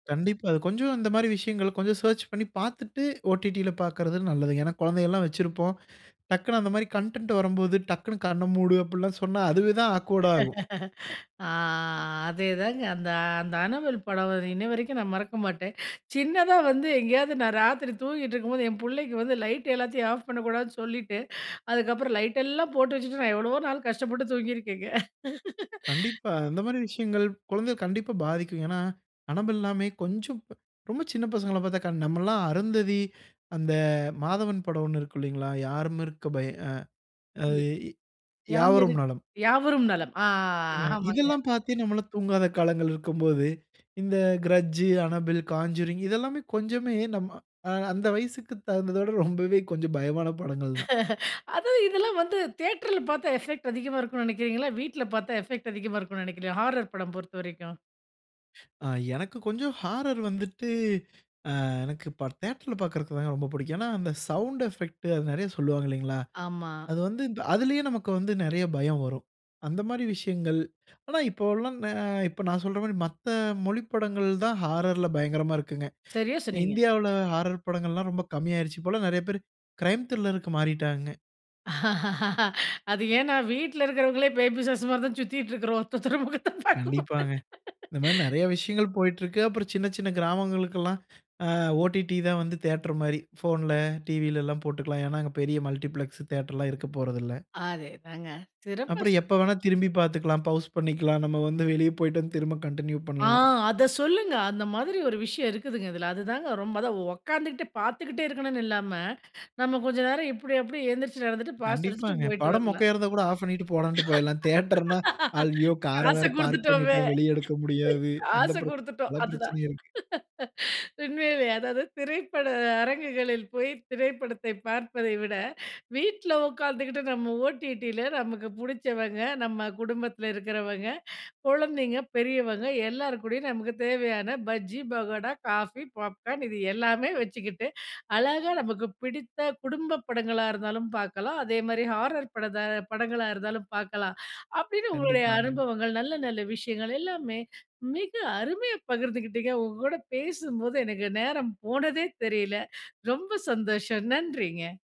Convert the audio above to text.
கண்டிப்பா, அது கொஞ்சம் இந்தமாரி விஷயங்கள கொஞ்சம் சர்ச் பண்ணி பார்த்துட்டு, ஓடிடி ல பார்க்கிறது நல்லதுங்க. ஏன்னா, குழந்தைகள்லாம் வச்சிருப்போம். டக்குன்னு அந்தமாரி கன்டன்ட் வரும்போது டக்குன்னு கண்ண மூடு அப்புட்லாம் சொன்னா, அதுவே தான் ஆக்வேர்டா ஆகும். ஆ, அதே தாங்க. அந்த, அந்த "அனபெல்" படம் வந்து இன்னிவரைக்கும் நான் மறக்க மாட்டேன். சின்னதா வந்து, எங்கேயாவது நான் ராத்திரி தூங்கிட்ருக்கும் போது என் புள்ளைக்கு வந்து, லைட் எல்லாத்தயும் ஆஃப் பண்ணக் கூடாதுன்னு சொல்லிட்டு, அதுக்கு அப்புறம் லைட் எல்லாம் போட்டு வச்சிட்டு, நான் எவ்வளவோ நாள் கஷ்டப்பட்டு தூங்கிருக்கேங்க. கண்டிப்பா. அந்தமாரி விஷயங்கள், குழந்தைய கண்டிப்பா பாதிக்கும். ஏன்னா அனபெல்லாமே கொஞ்சம், ரொம்ப சின்ன பசங்கள பாத்தா, கண் நம்ம எல்லாம் அருந்ததி, அந்த மாதவன் படம் 1 இருக்கும் இல்லேங்களா! யாரும் இருக்க பய ஆ அது யே யாம் இரு யாவரும் நலம். யாவரும் நலம், ஆ அ ஆமாங்க. இதெல்லாம் பாத்து நம்மலாம் தூங்காத காலங்கள் இருக்கும் போது, இந்த கிரட்ஜ், அனபெல், கான்ஜூரிங். இதெல்லாமே கொஞ்சமே நம்ம, அ அந்த வயசுக்கு தகுந்தத விட ரொம்பவே கொஞ்சம் பயமான படங்கள் தான். அது இதுலாம் வந்து, தியேட்டர்ல பாத்தா எஃபெக்ட் அதிகமா இருக்குன்னு நெனைக்றீங்களா? வீட்டுல பாத்தா எஃபெக்ட் அதிகமா இருக்குன்னு நெனைக்றீங்களா ஹாரர் படம் பொறுத்தவரைக்கும். ஆ எனக்கு கொஞ்சம் ஹாரர் வந்துட்டு, அ எனக்கு இப்ப தியேட்டர் ல பாக்றதுக்கு வேணா ரொம்ப புடிக்கும். ஏன்னா அந்த சவுண்ட் எபெக்ட், அது நிறைய சொல்லுவாங்க இல்லேங்களா! ஆமா. அது வந்து இந்த அதிலயே நமக்கு வந்து நிறைய பயம் வரும். அந்தமாரி விஷயங்கள். ஆனா இப்பவுல்லாம், நே இப்ப நான் சொல்றமாரி மத்த மொழிப் படங்கள் தான் ஹாரர்ல பயங்கரமா இருக்குங்க. சரியா சொன்னீங்க. இந்தியால ஹாரர் படங்கள்லாம் ரொம்ப கம்மி ஆயிருச்சு. இப்பலாம் நிறைய பேரு க்ரைம் த்ரில்லர்க்கு மாறிட்டாங்க. அது ஏன்னா, வீட்ல இருக்றவங்களே பேய் பிசாசுமாரி தான் சுத்திக்ட்ருக்கிறோம். ஒருத்தர் ஒருத்தர முகத்த பாக்கும் போது. கண்டிப்பாங்க. இந்தமாரி நறைய விஷயங்கள் போயிட்ருக்கு. அப்பறம் சின்ன, சின்ன கிராமங்களுக்குலாம், அ ஓடிடி தான் வந்து தியேட்டர்மாரி ஃபோன்ல, டிவிலலாம் போட்டுக்கலாம். ஏன்னா, அங்க பெரிய மல்டிப்ளக்ஸ் தியேட்டர்லாம் இருக்கப் போறது இல்ல. அதே தாங்க. சிறப்பா அப்புறம் சொ எப்ப வேணா திரும்பிப் பாத்துக்கலாம், ப்பவுஸ் பண்ணிக்கலாம், நம்ம வந்து வெளிய போயிட்டு வந்து திரும்ப கண்டினியூ ஆ, பண்லாம். அத சொல்லுங்க, அந்த மாதிரி ஒரு விஷயம் இருக்குதுங்க இதுல. அதுதாங்க ரொம்ப அதாம் உட்கார்ந்துக்கிட்டு பார்த்துக்கிட்டே இருக்கணுன்னு இல்லாம, நம்ம கொஞ்ச நேரம் இப்படி அப்பிடி எந்திரிச்சு நடந்துட்டு, பாஸ் அடிச்சுட்டு கண்டிப்பாங்க. போயிட்டு படம் வரலாம். மொக்கையா இருந்தா கூட ஆஃப் பண்ணிட்டு போடான்னு போயிட்லாம். தியேட்டர்ன்னா, அய்யோ! கார காச வேற பார்க் குடுத்துட்டோமே, பண்ணிட்டோம். வெளிய எடுக்க முடியாது. அந்த காச பிரச்சன, குடுத்துட்டோம் பல அதுதான். பிரச்சினையே இருக்கு. உண்மைலேயே! அதாவது திரைப்பட அரங்குகளில் போய் திரைப்படத்தைப் பார்ப்பதைவிட, வீட்ல உட்கார்ந்துக்கிட்டு நம்ம ஓடிடி ல நமக்கு புடிச்சவங்க, நம்ம குடும்பத்தில இருக்கிறவங்க, குழந்தைங்க பெரியவங்க எல்லார்க்கூடயும் நமக்கு தேவையான பஜ்ஜி, பக்கோடா, காபி, பாப்கார்ன் இது எல்லாமே வச்சுக்கிட்டு, அழகா நமக்கு புடித்த குடும்ப படங்களா இருந்தாலும் பாக்கலாம். அதேமாரி ஹாரர் படத்த படங்களா இருந்தாலும் பாக்கலாம். அப்பிடின்னு உங்களுடைய கண்டிப்பாங்க. அனுபவங்கள், நல்ல நல்ல விஷயங்கள் எல்லாமே, மிக அருமையா பகிர்ந்துக்கிட்டீங்க. உங்ககூட பேசும்போது எனக்கு நேரம் போனதே தெரியல. ரொம்ப சந்தோஷம், நன்றிங்க.